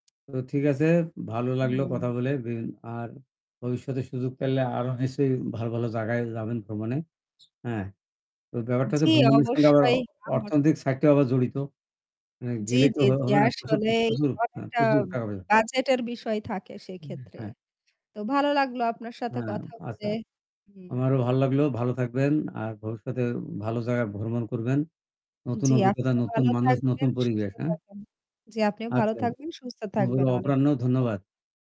তো ঠিক আছে, ভালো লাগলো হুম। কথা বলে। ব আর ভবিষ্যতে সুযোগ পাইলে আরো নিশ্চয়ই ভালো, ভালো জায়গায় যাবেন ভ্রমণে। হ্যাঁ। তো ব্যাপারটা হচ্ছে জ্বি, ভ্রমণের সঙ্গে আবার অবশ্যই আমার অর্থনৈতিক সাইডটা আবার জড়িত। আ জ্বি, গেলেই তো জ্বি, হ জ্বি। হবে না। প্রচুর আসলেই প্রচুর আ অনেকটা প্রচুর টাকা পয়সা বাজেটের বিষয় থাকে উম সেক্ষেত্রে। হ্যাঁ। তো ভালো লাগলো আপনার সাথে হ্যাঁ, কথা আচ্ছা। বলে। আমারও হুম। ভাল লাগল। ভালো থাকবেন। আর ভবিষ্যতে ভালো জায়গায় ভ্রমণ করবেন। নতুন জ্বি, অভিজ্ঞতা, আপনিও নতুন ভালো মানুষ, থাকবেন, নতুন সুস্থ পরিবেশ, হ্যাঁ? থাকবেন জি, আপনিও ভালো আচ্ছা। থাকবেন, সুস্থ থাকবেন। [unintelligible] অনেক অপরাহ্ন ধন্যবাদ। ধন্যবাদ।